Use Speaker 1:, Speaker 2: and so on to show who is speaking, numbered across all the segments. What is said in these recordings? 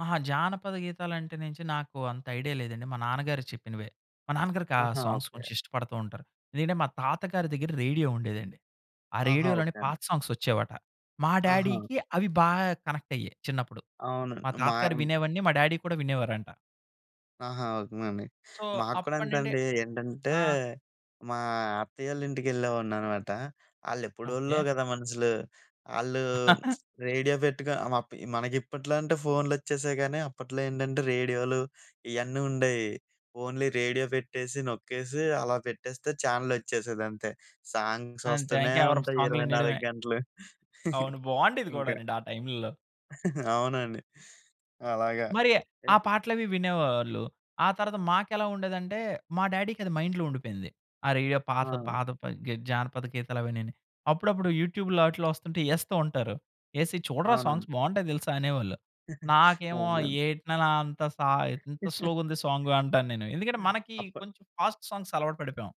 Speaker 1: అహా! జానపద గీతాలంటే నించి నాకు అంత ఐడియా లేదండి. మా నాన్నగారు చెప్పినవే. మా నాన్నగారికి ఆ
Speaker 2: ఆహా!
Speaker 1: Songs
Speaker 2: okay.
Speaker 1: కొంచెం ఇష్టపడుతూ ఉంటరు. ఎందుకంటే మా తాతగారి దగ్గర రేడియో ఉండేదండి. ఆ
Speaker 2: ఆహా!
Speaker 1: రేడియో‌లోనే
Speaker 2: ఓకే అండి.
Speaker 1: పాత సాంగ్స్ ఒచ్చేవట. మా
Speaker 2: ఆహా!
Speaker 1: డ్యాడీ‌కి అవి బాగా కనెక్ట్ అయ్యేవి చిన్నప్పుడు.
Speaker 2: అవును.
Speaker 1: మా తాతగారు
Speaker 2: మాయం
Speaker 1: వినేవన్నీ మా డ్యాడీ కూడా వినేవారంట.
Speaker 2: ఆహా! ఉకు మండి.
Speaker 1: సో,
Speaker 2: మాక్కూడా
Speaker 1: అప్పటినుండే
Speaker 2: అంతేండి. ఏంటంటే
Speaker 1: ఆ!
Speaker 2: మా అత్తయ్య వాళ్ళింటికెళ్ళేవాడిననమాట. ఆళ్ళె‌ప్పుడో‌ళ్ళో
Speaker 1: ఓకే.
Speaker 2: గదా మనుసులు. ఆళ్ళు రేడియో పెట్టుకొ అమప్ మనకిప్పట్లో అంటే ఫోన్‌లొచ్చేశాయి కానీ, అప్పట్లో ఏంటంటే రేడియోలు ఇయన్నీ ఉండేయి. ఓన్లీ రేడియో పెట్టేసి, నొక్కేసి, అలా పెట్టేస్తే, ఛానెలొచ్చేసేదంతే. సాంగ్స్
Speaker 1: అంతే
Speaker 2: వస్తనే
Speaker 1: ఇంకెవరొక
Speaker 2: ఉంటయి
Speaker 1: సాంగ్‌లు
Speaker 2: ఇరవై
Speaker 1: వినేయడమే.
Speaker 2: నాలుగు గంటలు.
Speaker 1: అవును. బావుండేది
Speaker 2: ఇంక
Speaker 1: కూడానండి ఆ టైము‌ల్లో.
Speaker 2: అవునండి. అలాగా.
Speaker 1: మరి ఆ
Speaker 2: ఏపు
Speaker 1: పాటలవి వినేవాళ్ళు. ఆ తర్వాత మాకెలా ఉండేదంటే మా డ్యాడీ‌కది మైండ్‌లో ఉండిపోయింది. ఆ రేడియో పాడేసే
Speaker 2: ఆ!
Speaker 1: పాదపని గే జానపద గీతాలవన్నీని. అప్పుడప్పుడు యూట్యూబ్‌లో ఆటిల్లో వస్తుంటే ఎస్తూ ఉంటారు. "ఎసి, చూడరా సాంగ్స్
Speaker 2: అవునండి.
Speaker 1: బావుంటాయి తెలుసా!" అనేవాళ్ళు. నాకేమో,
Speaker 2: అవునా?
Speaker 1: "ఏటి నాన్న అంత సా ఇంత స్లోగుంది సాంగ్" అంటాను నేను. ఎందుకంటే మనకి
Speaker 2: అప్
Speaker 1: కొంచెం ఫాస్ట్ సాంగ్స్ అలవాటు పడిపోయాం.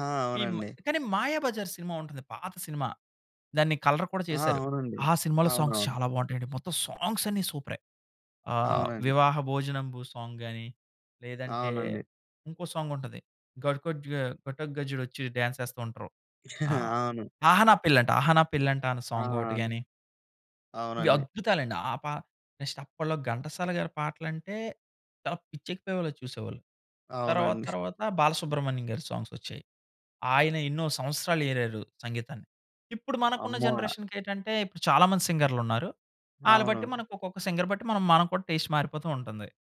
Speaker 2: ఆ!
Speaker 1: ఈమ్
Speaker 2: అవునండి.
Speaker 1: కానీ 'మాయాబజార్' సినిమా ఉంటది. పాత సినిమా. దాన్ని కలర్ కూడా
Speaker 2: ఆ!
Speaker 1: చేశారు.
Speaker 2: అవునండి.
Speaker 1: ఆ సినిమాలో సాంగ్స్
Speaker 2: అవునవును.
Speaker 1: చాలా బావుంటయండి. మొత్తం సాంగ్స్ అన్ని సూపరే. ఆహ్,
Speaker 2: అవునండి.
Speaker 1: వివాహ భోజనంబు సాంగ్ గాని లేదంటే,
Speaker 2: అవునండి.
Speaker 1: ఇంకో సాంగ్ ఉంటది. ఘట్‌కొ‌జ్జు‌గా ఘటోగజ్జు‌డొచ్చి డ్యాన్స్ ఎస్తూ ఉంటరు. ఆహ్,
Speaker 2: అవును.
Speaker 1: అహ నా పెళ్ళంట, అహ నా పెళ్ళంట అన్న
Speaker 2: ఆ!
Speaker 1: సాంగ్ ఒకటి గాని ఇవి
Speaker 2: అవునండి.
Speaker 1: అద్భుతాలండి. ఆ పాట నెక్స్ట్ అప్పట్లో ఘంటసాలగారి పాటలంటే చాలా పిచ్చెక్కిపోయేవాళ్ళలా చూసేవాళ్ళు. తర్వాత
Speaker 2: అవునండి.
Speaker 1: తర్వాత బాలసుబ్రహ్మణ్యం గారి సాంగ్స్ వచ్చాయి. ఆయన ఎన్నో సంవత్సరాలేరారు సంగీతాన్ని. ఇప్పుడు మనకున్న
Speaker 2: అమ్మో!
Speaker 1: జనరేషన్‌కేటంటే ఇప్పుడు చాలామంది సింగర్‌లున్నారు. ఆళ్ళు బట్టి
Speaker 2: అవును.
Speaker 1: మనకు ఒక్కొక్క సింగర్ బట్టి మనం మనం కూడా టేస్ట్ మారిపోతూ ఉంటుంది.